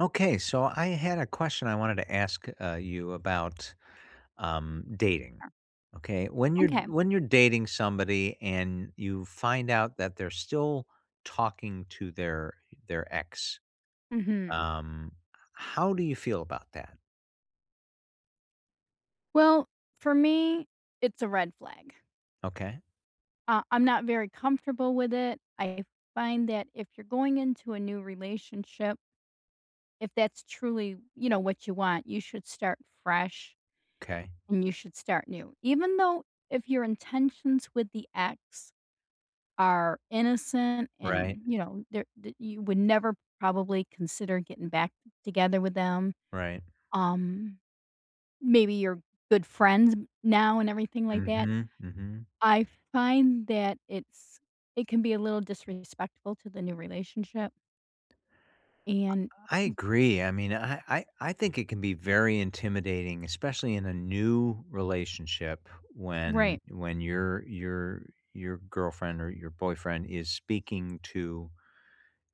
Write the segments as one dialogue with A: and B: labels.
A: Okay. So, I had a question I wanted to ask, uh, you about, um, dating.
B: Sure.
A: Okay? When you're
B: Okay.
A: when you're dating somebody and you find out that they're still talking to their their ex,
B: Mhm.
A: um, h how do you feel about that?
B: Well, for me, it's a red flag.
A: Okay.
B: Uh, I'm not very comfortable with it. I find that if you're going into a new relationship if that's truly, you know, what you want, you should start fresh,
A: 'Kay.
B: and you should start new. Even though, if your intentions with the ex are innocent
A: Right.
B: and, you know, they're that you would never probably consider getting back together with them,
A: Right.
B: um, maybe you're good friends now and everything like that,
A: Mhm, mhm.
B: I find that it's it can be a little disrespectful to the new relationship.
A: I
B: And
A: I
B: m
A: agree. I mean, I I I think it can be very intimidating, especially in a new relationship,
B: Right.
A: when when your your your girlfriend, or your boyfriend, is speaking to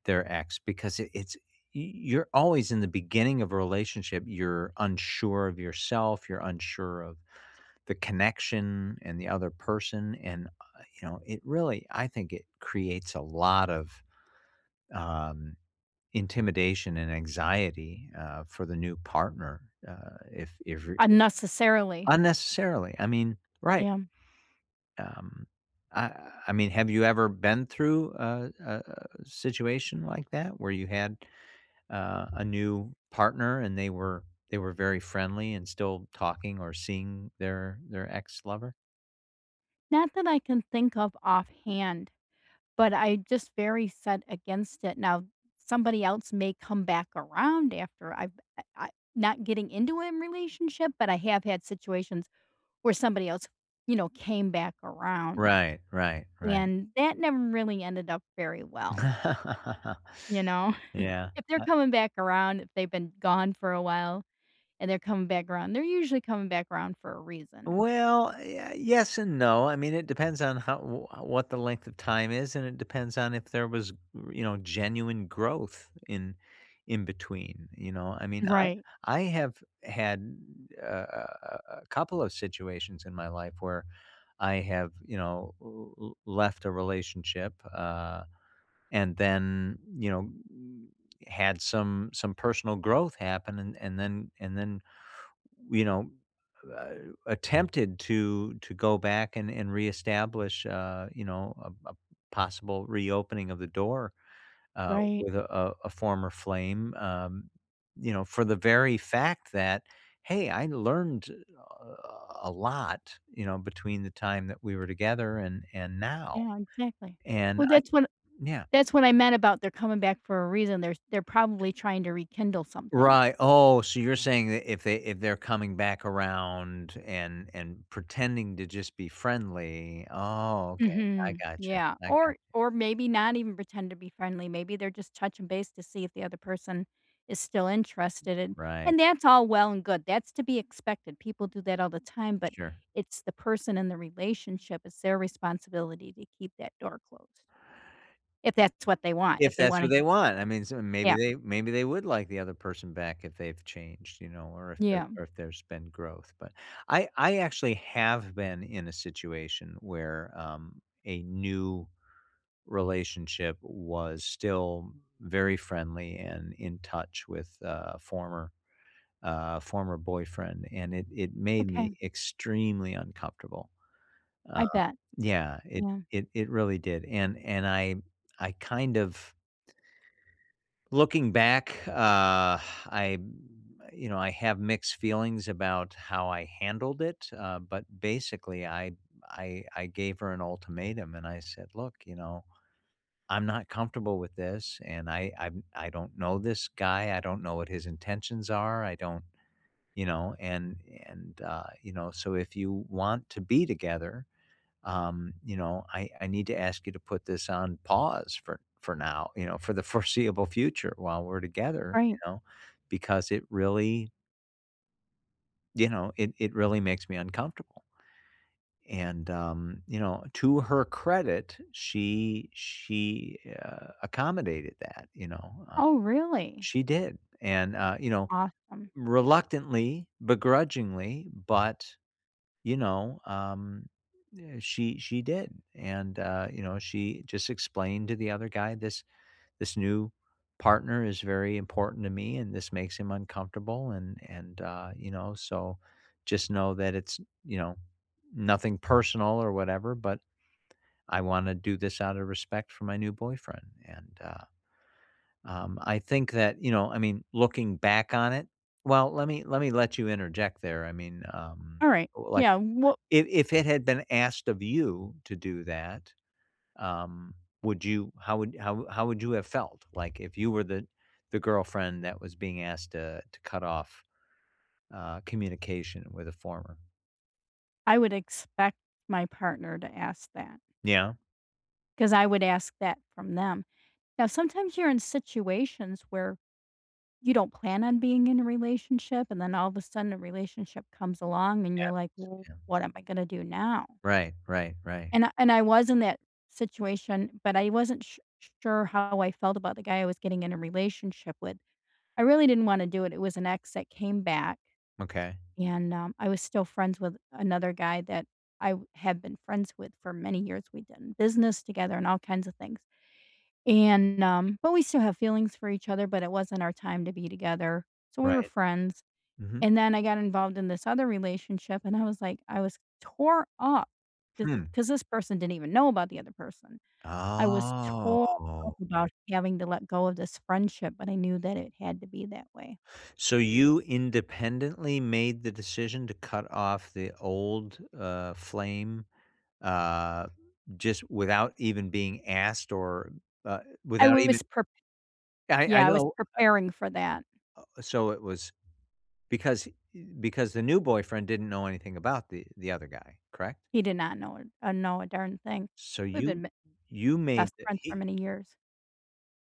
A: their ex, because it it's y you're always, in the beginning of a relationship, you're unsure of yourself, you're unsure of the connection, and the other person. And, uh, you know, it really I think it creates a lot of, um, intimidation and anxiety, uh, for the new partner, uh, if if you're
B: Unnecessarily.
A: unnecessarily, I mean, right.
B: Yeah.
A: Um, I I mean, have you ever been through a a situation like that, where you had, uh, a new partner and they were they were very friendly and still talking or seeing their their ex-lover?
B: Not that I can think of offhand, but I just very set against it. Now, somebody else may come back around after I've I I not getting into an relationship, but I have had situations where somebody else, you know, came back around.
A: Right, right, right.
B: And that never really ended up very well. You know?
A: Yeah
B: If they're
A: I
B: coming back around if they've been gone for a while, and they're coming back 'round, they're usually coming back 'round for a reason.
A: Well, ye yes and no. I mean, it depends on how w what the length of time is, and it depends on if there was, you know, genuine growth in in between. You know? I mean, I
B: Right.
A: I have had, uh, a a a couple of situations in my life where I have, you know, l l left a relationship, uh, and then, you know, h had some some personal growth happen and and then and then, you know, a attempted to to go back and and reestablish, uh, you know, a a possible reopening of the door, uh,
B: Right.
A: with, uh, a former flame, um, you know, for the very fact that, "Hey, I learned a a a lot, you know, between the time that we were together and and now"
B: Yeah, exactly.
A: And
B: Well,
A: I
B: that's what
A: yeah.
B: that's what I meant about they're coming back for a reason. They're they're probably trying to rekindle something.
A: Right. Oh, so you're saying that if they if they're coming back around and and pretending to just be friendly oh, okay. I
B: Mhm.
A: gotcha,
B: Yeah.
A: I gotcha.
B: Or or maybe not even pretend to be friendly, maybe they're just touching base to see if the other person is still interested and
A: Right.
B: and that's all well and good, that's to be expected. People do that all the time, but
A: Sure.
B: it's the person in the relationship, it's their responsibility to keep that door closed if that's what they want.
A: If
B: If they
A: that's what
B: wanna
A: they want. I mean, so maybe
B: Yep.
A: they maybe they would like the other person back if they've changed, you know, or if there
B: Yeah.
A: or if there's been growth. But I I actually have been in a situation where, um, a new relationship was still very friendly and in touch with a former uh, former boyfriend, and it it made me
B: Okay.
A: extremely uncomfortable. Um,
B: I bet.
A: yeah. It
B: Yeah.
A: it it really did. And and I I kind of looking back, uh, I you know, I have mixed feelings about how I handled it, uh, but, basically, I I I gave her an ultimatum, and I said, "Look," you know, "I'm not comfortable with this, and I I I don't know this guy, I don't know what his intentions are, I don't," you know, and and, uh, you know, "So if you want to be together," um, you know, "I I need to ask you to put this on pause for for now," you know, "for the foreseeable future while we're together," you
B: Right.
A: know, "because it really" you know, "it it really makes me uncomfortable." And, um, you know, to her credit, she she a accommodated that, you know, uh,
B: Oh, really?
A: she did, and, uh, you know,
B: Awesome.
A: reluctantly, begrudgingly, but, you know, um, eh, she she did. And, uh, you know, she just explained to the other guy, "This this new partner is very important to me, and this makes him uncomfortable," and and, uh, you know, "So just know that it's," you know, "nothing personal or whatever, but I wanna do this out of respect for my new boyfriend." And, uh, um, I think that, you know, I mean, looking back on it well, let me let me let you interject there. I mean, um,
B: Alright.
A: like,
B: Yeah, wha
A: if if it had been asked of you to do that, um, would you how would how how would you have felt? Like, if you were the the girlfriend that was being asked to to cut off communication with a former?
B: I would expect my partner to ask that.
A: Yeah.
B: 'Cause I would ask that from them. Now sometimes you're in situations where you don't plan on being in a relationship, and then all of a sudden, a relationship comes along, and
A: Yeah,
B: you're like,
A: s yeah.
B: "What am I gonna do now?"
A: Right, right, right.
B: And and I was in that situation, but I wasn't su sure how I felt about the guy I was getting in a relationship with. I really didn't wanna do it, it was an ex that came back
A: Okay.
B: and, um, I was still friends with another guy that I have been friends with for many years, we've done business together and all kinds of things. And, um, but we still have feelings for each other, but it wasn't our time to be together, so we were
A: Right.
B: friends.
A: Mhm.
B: And then I got involved in this other relationship, and I was like, I was tore up 'cause
A: Hmm.
B: 'cause this person didn't even know about the other person. I was tore up
A: Oh.
B: about having to let go of this friendship, but I knew that it had to be that way.
A: So you independently made the decision to cut off the old, uh, flame, uh, just without even being asked or, uh,
B: I
A: without even
B: was prep
A: I I
B: yeah, I was
A: know, I
B: preparing for that.
A: Uh, so it was because because the new boyfriend didn't know anything about the the other guy, correct?
B: He did not know, uh, know a darn thing.
A: So
B: We've
A: you
B: been ma
A: you made
B: best
A: the
B: friends for
A: he
B: many years.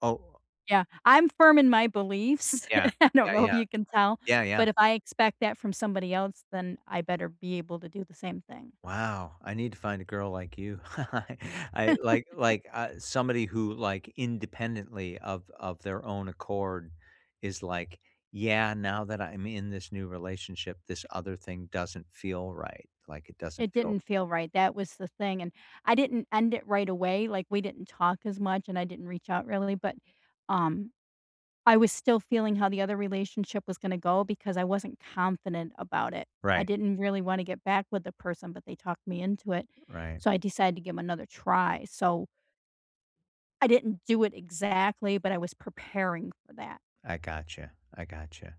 A: Oh, uh
B: Yeah. I'm firm in my beliefs.
A: Yeah.
B: I don't
A: Yeah,
B: know if
A: yeah.
B: you can tell,
A: Yeah, yeah.
B: but if I expect that from somebody else, then I better be able to do the same thing.
A: Wow. I need to find a girl like you. I like like, uh, somebody who, like, independently of of their own accord is like, "Yeah, now that I'm in this new relationship, this other thing doesn't feel right, like, it doesn't
B: It
A: feel"
B: didn't feel right, that was the thing, and, I didn't end it right away, like, we didn't talk as much, and I didn't reach out really, but, um, I was still feeling how the other relationship was gonna go because I wasn't confident about it. I
A: Right.
B: didn't really wanna get back with the person, but they talked me into it.
A: Right.
B: So I decided to give 'em another try, so I didn't do it exactly, but I was preparing for that.
A: I gotcha, I gotcha.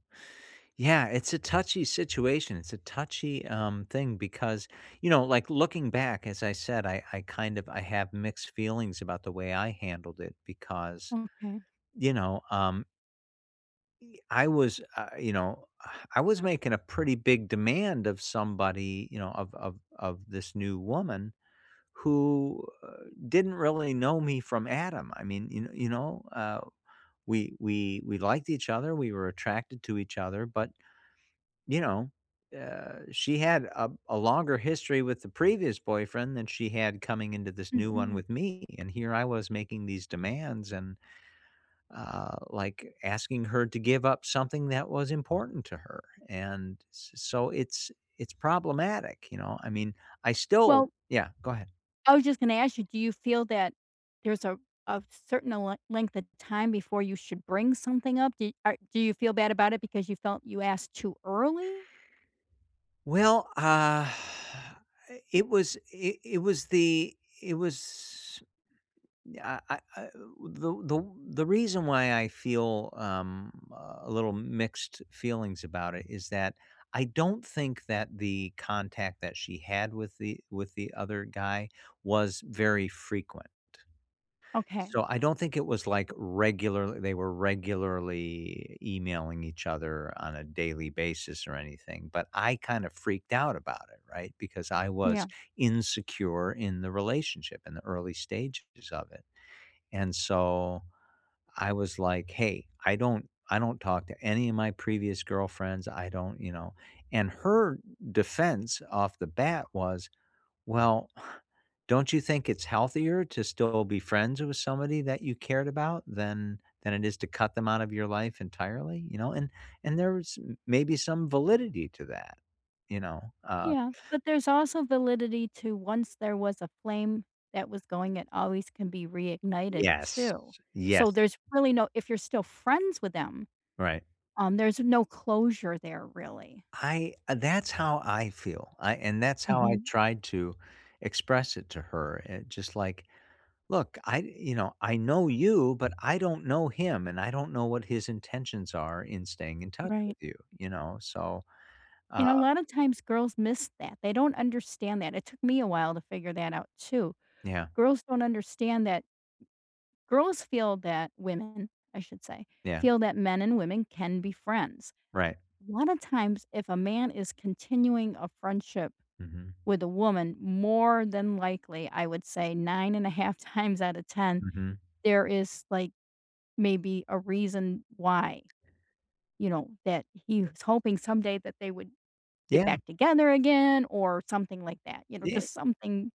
A: Yeah, it's a touchy situation, it's a touchy, um, thing because, you know, like, looking back, as I said, I I kind of I have mixed feelings about the way I handled it because,
B: Okay.
A: you know, um e I was, uh, you know, I was making a pretty big demand of somebody, you know, of of of this new woman who, uh, didn't really know me from Adam. I mean, you you know, uh, we we we liked each other, we were attracted to each other, but you know, uh, she had a a longer history with the previous boyfriend than she had coming into this new one
B: Mhm.
A: with me, and here I was making these demands and, uh, like, asking her to give up something that was important to her, and s so it's it's problematic, you know, I mean, I still
B: Well
A: Yeah, go ahead.
B: I was just gonna ask you, do you feel that there's a a certain le length of time before you should bring something up, do are do you feel bad about it because you felt you asked too early?
A: Well, uh, I it was it it was the it was eh I uh the the the reason why I feel, um, a little mixed feelings about it is that I don't think that the contact that she had with the with the other guy was very frequent.
B: Okay.
A: So, I don't think it was, like, regular they were regularly emailing each other on a daily basis or anything, but I kind of freaked out about it, right, because I was
B: Yeah.
A: insecure in the relationship, in the early stages of it. And so, I was like, "Hey, I don't I don't talk to any of my previous girlfriends, I don't you know," and her defense off the bat was, "Well, don't you think it's healthier to still be friends with somebody that you cared about than than it is to cut them out of your life entirely, you know," and and there was maybe some validity to that, you know, uh
B: Yeah, but there's also validity to once there was a flame that was going, it always can be reignited
A: Yes,
B: too. So,
A: yes.
B: there's really no if you're still friends with them,
A: Right.
B: um, there's no closure there, really.
A: I that's how I feel, I and that's how I
B: Mhm.
A: tried to express it to her, eh, just like, "Look, I you know, I know you, but I don't know him, and I don't know what his intentions are in staying in touch
B: Right.
A: with you, you know, so,
B: And
A: uh"
B: a lot of times girls miss that, they don't understand that, it took me a while to figure that out too.
A: Yeah.
B: Girls don't understand that girls feel that women, I should say,
A: Yeah.
B: feel that men and women can be friends.
A: Right.
B: A lot of times, if a man is continuing a friendship
A: Mhm.
B: with a woman, more than likely, I would say 9 1/2 times out of 10,
A: Mhm.
B: there is, like, maybe a reason why, you know, that he was hoping someday that they would get
A: Yeah.
B: back together again or something like that, you know,
A: Yea
B: just something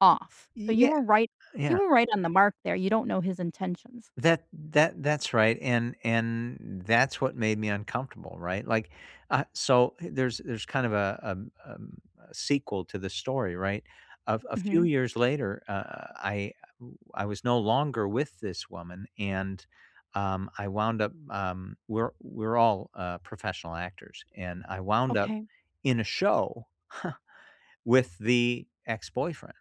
B: off. So, you
A: Yeah,
B: were right you
A: yeah
B: were right on the mark there, you don't know his intentions.
A: That that that's right, and and that's what made me uncomfortable, right, like, uh, so there's there's kind of a, um um, a sequel to the story, right, a a few
B: Mhm.
A: years later, uh, I I was no longer with this woman, and, um, I wound up, um, we're we're all, uh, professional actors, and I wound up
B: Okay.
A: in a show with the ex-boyfriend.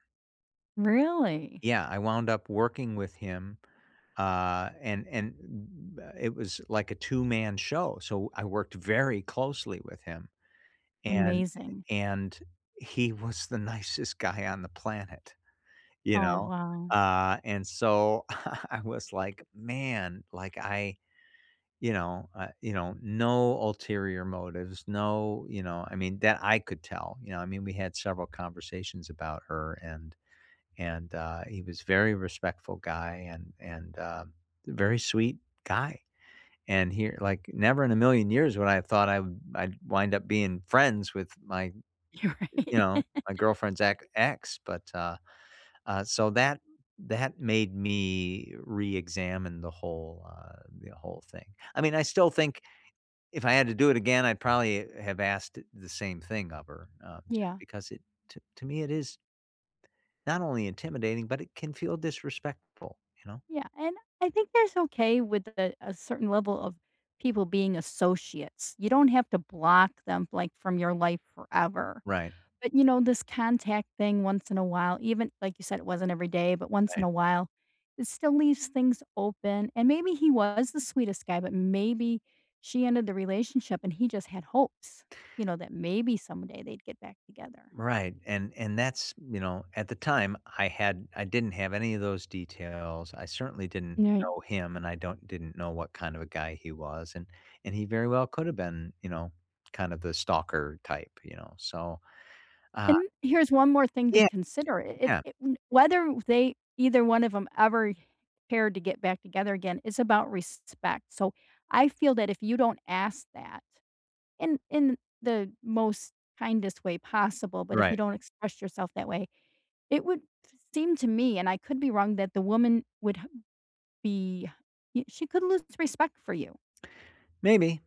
B: Really?
A: Yeah, I wound up working with him, uh, and and m m it was like a 2 man show, so I worked very closely with him. And
B: Amazing.
A: and, he was the nicest guy on the planet, you
B: Oh,
A: know?
B: wow.
A: Uh, and so, I was like, "man," like, I you know, I you know no ulterior motives. No, you know, I mean, that I could tell, you know? I mean, we had several conversations about her, and and, uh, he was very respectful guy and and, uh, very sweet guy. And he like, never in a million years would I have thought I'd I'd wind up being friends with my,
B: You're
A: you
B: right.
A: know my girlfriend's ex ex. But, uh uh, so that that made me reexamine the whole, uh the whole thing. I mean, I still think, if I had to do it again, I'd probably have asked the same thing of her, uh, just
B: Yeah.
A: because it t to me, it is not only intimidating, but it can feel disrespectful, you know?
B: Yeah, and I think that's okay with a a certain level of people being associates. You don't have to block them, like, from your life forever.
A: Right.
B: But, you know, this contact thing once in a while, even like you said, it wasn't every day, but once in
A: Right.
B: a while, it still leaves things open. And maybe he was the sweetest guy, but maybe she ended the relationship, and he just had hopes, you know, that maybe someday they'd get back together.
A: Right, and and that's, you know at the time, I had I didn't have any of those details. I certainly didn't
B: [unintelligible]
A: know him, and I don't didn't know what kind of a guy he was. And and he very well could have been, you know, kind of the stalker type, you know? So, uh
B: And, here's one more thing to
A: Yeah.
B: consider. I it's
A: Yeah.
B: it whether they either one of 'em ever cared to get back together again, it's about respect. So, I feel that if you don't ask that in in the most kindest way possible, but if you
A: Right.
B: don't express yourself that way, it would seem to me, and I could be wrong, that the woman would h be she could lose respect for you.
A: Maybe.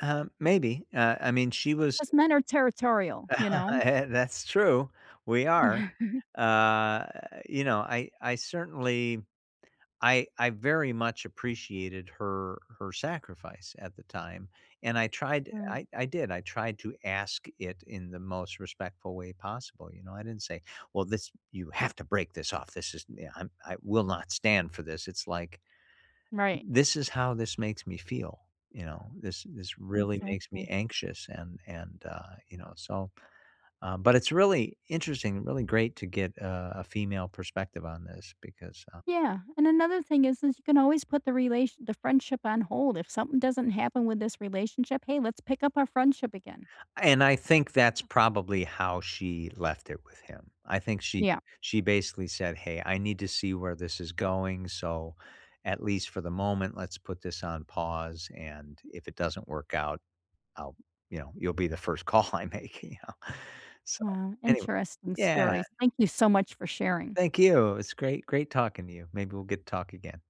A: Uh, maybe. Uh, I mean, she was
B: 'Cause men are territorial, you know?
A: That's true. We are. Uh, you know, I I certainly I I very much appreciated her her sacrifice at the time, and I tried
B: True.
A: I I did. I tried to ask it in the most respectful way possible, you know? I didn't say, "Well, this you have to break this off. This is, yeah, I I'm I will not stand for this." It's like,
B: Right.
A: "This is how this makes me feel," you know? "This this really makes me
B: Exactly.
A: anxious," and and, uh, you know? So, uh, but it's really interesting, really great to get, uh, a female perspective on this because, uh
B: Yeah. And another thing is, is you can always put the relation the friendship on hold. If something doesn't happen with this relationship, "Hey, let's pick up our friendship again."
A: And I think that's probably how she left it with him. I think she
B: Yeah.
A: she basically said, "Hey. I need to see where this is going, so at least for the moment, let's put this on pause. And if it doesn't work out, I'll" you know, "you'll be the first call I make," you know? So,
B: Wow.
A: anyway.
B: Interesting
A: Yeah.
B: stories. Thank you so much for sharing.
A: Thank you. It was great great talking to you. Maybe we'll get to talk again.